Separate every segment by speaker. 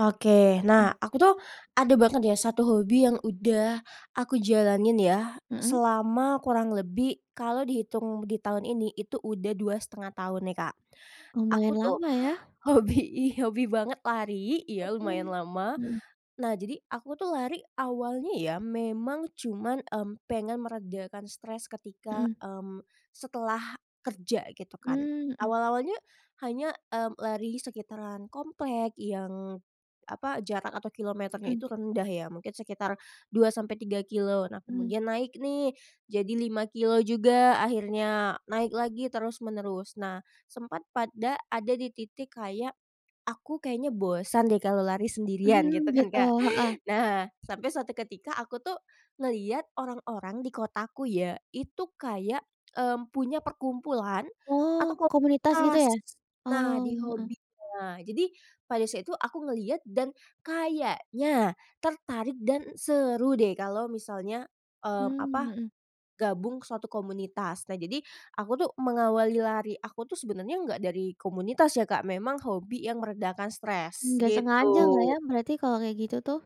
Speaker 1: Oke, nah, aku tuh ada banget ya 1 hobi yang udah aku jalanin ya
Speaker 2: Mmm.
Speaker 1: selama kurang lebih, kalau dihitung di tahun ini, itu udah 2 1/2 tahun nih, Kak.
Speaker 2: Lumayan
Speaker 1: Aku tuh
Speaker 2: lama ya.
Speaker 1: hobi i hobi banget lari ya,
Speaker 2: Oh,
Speaker 1: lumayan lama.
Speaker 2: hmm.
Speaker 1: Nah, jadi aku tuh lari awalnya ya memang cuma, mmm, pengen meredakan stres ketika,
Speaker 2: Hmm.
Speaker 1: mmm, setelah kerja gitu kan.
Speaker 2: Mmm mmm.
Speaker 1: Awal-awalnya hanya, mmm, lari sekitaran komplek yang apa, jarak atau kilometernya
Speaker 2: Hmm.
Speaker 1: itu rendah ya, mungkin sekitar 2 sampai 3 kilometer. Nah,
Speaker 2: Mmm.
Speaker 1: kemudian naik nih jadi 5 kilometer juga, akhirnya naik lagi terus-menerus. Nah, sempat pada ada di titik kayak, aku kayaknya bosan deh kalau lari sendirian
Speaker 2: Hmm,
Speaker 1: gitu kan,
Speaker 2: gitu.
Speaker 1: Kak.
Speaker 2: Heeh.
Speaker 1: Nah, sampai suatu ketika aku tuh ngelihat orang-orang di kotaku ya, itu kayak, mmm, punya perkumpulan
Speaker 2: Oh,
Speaker 1: atau
Speaker 2: komunitas gitu
Speaker 1: komunitas
Speaker 2: ya?
Speaker 1: nah,
Speaker 2: Oh,
Speaker 1: di
Speaker 2: heeh.
Speaker 1: hobinya. Nah, jadi pada saat itu aku ngelihat dan kayaknya tertarik dan seru deh kalau misalnya, mmm, apa,
Speaker 2: Mmm, hmm.
Speaker 1: gabung suatu komunitas. Nah, jadi aku tuh mengawali lari aku tuh sebenarnya nggak dari komunitas ya, Kak, memang hobi yang meredakan stres,
Speaker 2: Nggak
Speaker 1: gitu.
Speaker 2: sengaja gak ya? Berarti kalau kayak gitu tuh?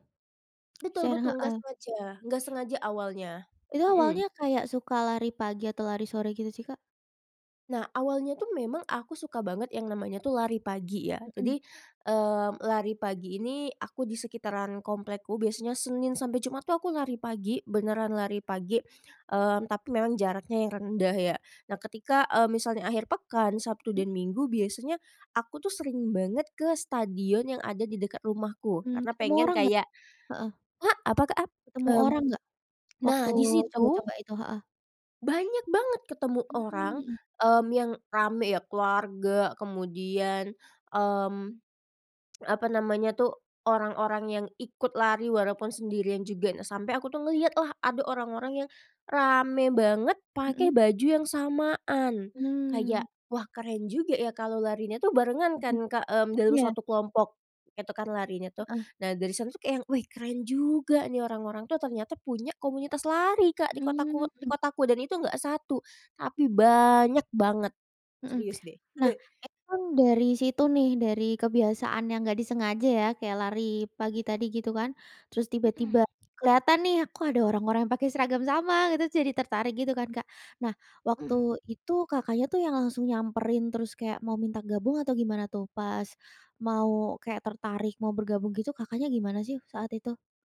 Speaker 1: Betul
Speaker 2: Siar
Speaker 1: betul, nggak
Speaker 2: heeh.
Speaker 1: sengaja nggak sengaja awalnya.
Speaker 2: Itu
Speaker 1: Hmm.
Speaker 2: awalnya kayak suka lari pagi atau lari sore gitu sih, Kak?
Speaker 1: Nah, awalnya tuh memang aku suka banget yang namanya tuh lari pagi, ya.
Speaker 2: Hmm.
Speaker 1: Jadi, mmm, lari pagi ini aku di sekitaran komplekku. Biasanya Senin sampai Jumat tuh aku lari pagi, beneran lari pagi, mmm, tapi memang jaraknya yang rendah, ya. Nah, ketika, eee, misalnya akhir pekan, Sabtu
Speaker 2: Mmm.
Speaker 1: dan Minggu, biasanya aku tuh sering banget ke stadion yang ada di dekat rumahku,
Speaker 2: Mmm,
Speaker 1: karena
Speaker 2: ketemu
Speaker 1: pengen
Speaker 2: orang nggak?
Speaker 1: kayak
Speaker 2: Heeh
Speaker 1: ah, apa, Kak? Ap
Speaker 2: Ketemu
Speaker 1: mmm,
Speaker 2: orang nggak? Waktu
Speaker 1: nah, di situ
Speaker 2: coba-coba itu, heeh.
Speaker 1: banyak banget ketemu
Speaker 2: Mmm,
Speaker 1: orang,
Speaker 2: hmm.
Speaker 1: mmm, yang ramai ya, keluarga, kemudian, mmm, apa namanya tuh, orang-orang yang ikut lari walaupun sendirian juga. Nah, sampai aku tuh ngelihatlah ada orang-orang yang ramai banget pakai
Speaker 2: Mmm.
Speaker 1: baju yang samaan.
Speaker 2: Mmm.
Speaker 1: Kayak, "Wah, keren juga ya kalau larinya tuh barengan,"
Speaker 2: Mhm,
Speaker 1: kan, Kak, mmm, dalam
Speaker 2: iya.
Speaker 1: suatu kelompok itu kan larinya tuh.
Speaker 2: Heeh.
Speaker 1: Nah, dari sana tuh kayak yang, "Wih, keren juga," nih orang-orang tuh ternyata punya komunitas lari, Kak, di
Speaker 2: Mmm,
Speaker 1: kotaku di
Speaker 2: hmm.
Speaker 1: kotaku, dan itu nggak 1 tapi banyak banget,
Speaker 2: Hmm.
Speaker 1: serius deh.
Speaker 2: Nah, itu kan dari situ nih, dari kebiasaan yang nggak disengaja ya, kayak lari pagi tadi gitu kan. Terus tiba-tiba
Speaker 1: Mmm.
Speaker 2: kelihatan nih, "Kok ada orang-orang pakai seragam sama?" gitu, jadi tertarik gitu kan, Kak. Nah, waktu
Speaker 1: Mmm.
Speaker 2: itu Kakaknya tuh yang langsung nyamperin terus kayak mau minta gabung, atau gimana tuh pas mau kayak tertarik mau bergabung gitu? Kakaknya gimana sih saat itu?